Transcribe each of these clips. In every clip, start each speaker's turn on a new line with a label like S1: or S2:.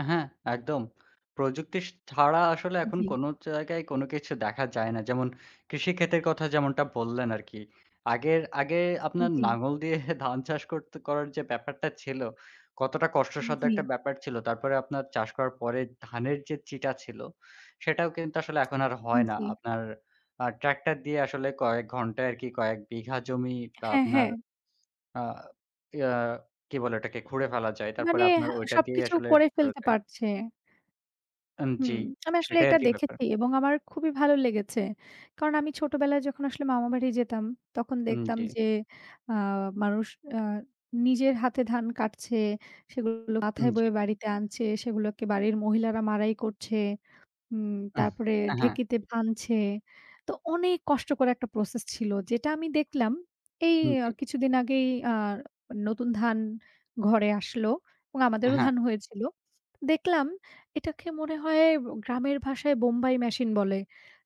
S1: আ হ্যাঁ, একদম। প্রযুক্তি স ছাড়া আসলে এখন
S2: জি।
S1: কোন জায়গায় কোন কিছু দেখা যায় না। যেমন কৃষিক্ষেতের কথা যেমনটা বললেন আর কি। আগের, আগে আপনার
S2: জি।
S1: লাঙল দিয়ে ধান চাষ করত করার যে ব্যাপারটা ছিল, কতটা কষ্টসাধ্য একটা
S2: জি।
S1: ব্যাপার ছিল। তারপরে আপনার চাষ করার পরে ধানের যে চিটা ছিল, সেটাও কিন্তু আসলে এখন আর
S2: হুম,
S1: হয় না।
S2: জি।
S1: আপনার আ ট্রাক্টর দিয়ে আসলে কয়েক ঘন্টায় আর কি, কয়েক বিঘা জমি বা
S2: হ্যাঁ,
S1: আপনার
S2: হ্যাঁ।
S1: আ ইয়া কি বলে ওটাকে? খুঁড়ে ফেলা যায়।
S2: মানে
S1: তারপরে আপনার
S2: হা
S1: ঐটা দিয়েই
S2: সবকিছু
S1: আসলে
S2: করে
S1: ঠিক করে
S2: ফেলতে
S1: দেয়
S2: পারছে।
S1: আন জি।
S2: হুম, আমি আসলে
S1: সেটাই আর
S2: এটা
S1: কি ব্যাপার।
S2: দেখেছি এবং আমার খুবই ভালো লেগেছে। কারণ আমি ছোটবেলায় যখন আসলে মামা বাড়ি যেতাম, তখন
S1: হুম,
S2: দেখতাম
S1: জি।
S2: যে, আ মানুষ আ নিজের হাতে ধান কাটছে, সেগুলো
S1: হুম,
S2: মাথায়
S1: জি।
S2: বয়ে বাড়িতে আনছে, সেগুলোকে বাড়ির মহিলারা মাড়াই করছে। উম তারপরে
S1: হ্যাঁ, হ্যাঁ।
S2: ঢেঁকিতে ভানছে। তো অনেক কষ্টকর একটা প্রসেস ছিল। যেটা আমি দেখলাম, এই
S1: হুম, জি।
S2: কিছুদিন আগেই, আ নতুন ধান ঘরে আসলো এবং
S1: এ
S2: আমাদেরও
S1: হ্যাঁ।
S2: ধান হয়েছিল। দেখলাম এটাকে মনে হয়, ব গ্রামের ভাষায় বোম্বাই মেশিন বলে।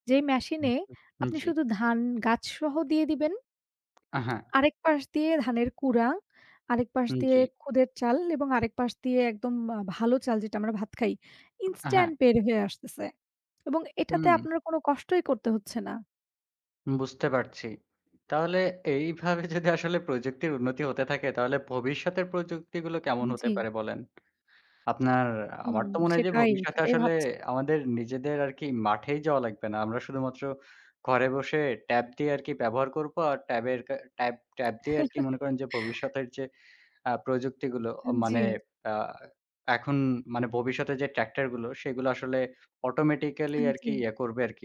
S2: যেই
S1: হু, হু।
S2: মেশিনে,
S1: হুম,
S2: আপনি
S1: জি।
S2: শুধু ধান, গাছ সহ দিয়ে দিবেন।
S1: অ্যা হ্যাঁ।
S2: আরেক পাশ দিয়ে ধানের কুঁড়া, আরেক পাশ
S1: হুম,
S2: দিয়ে
S1: জি।
S2: খুদের চাল এবং আরেক পাশ দিয়ে একদম আ ভালো চাল, যেটা আমরা ভাত খাই,
S1: অ্যাঁ হ্যাঁ।
S2: ইনস্ট্যান্ট বের হয়ে আসতেছে। এবং এটাতে
S1: হুম।
S2: আপনার কোন কষ্টই করতে হচ্ছে না।
S1: বুঝতে পারছি। তাহলে এইভাবে যদি আসলে প্রযুক্তির উন্নতি হতে থাকে, তাহলে ভবিষ্যতের প্রযুক্তিগুলো কেমন
S2: হুম
S1: হতে
S2: জি।
S1: পারে বলেন? আপনার,
S2: হুম,
S1: আমার তো মনে হয় যে,
S2: সেটাই,
S1: ভবিষ্যতে
S2: সেটাই
S1: আসলে
S2: ভাবছি।
S1: আমাদের নিজেদের আর কি মাঠেই যাওয়া লাগবে না। আমরা শুধুমাত্র ঘরে বসে, ট্যাব দিয়ে আর কি ব্যবহার করব। আর ট্যাবের কা ট্যাব, ট্যাব দিয়ে আর কি মনে করেন যে, ভবিষ্যতের যে আ প্রযুক্তিগুলো, আ
S2: আন
S1: মানে
S2: জি।
S1: আ এখন মানে, ভবিষ্যতের যে ট্রাক্টরগুলো, সেগুলো আসলে অটোমেটিক্যালি
S2: আন,
S1: আর কি
S2: জি।
S1: ইয়ে করবে আর কি।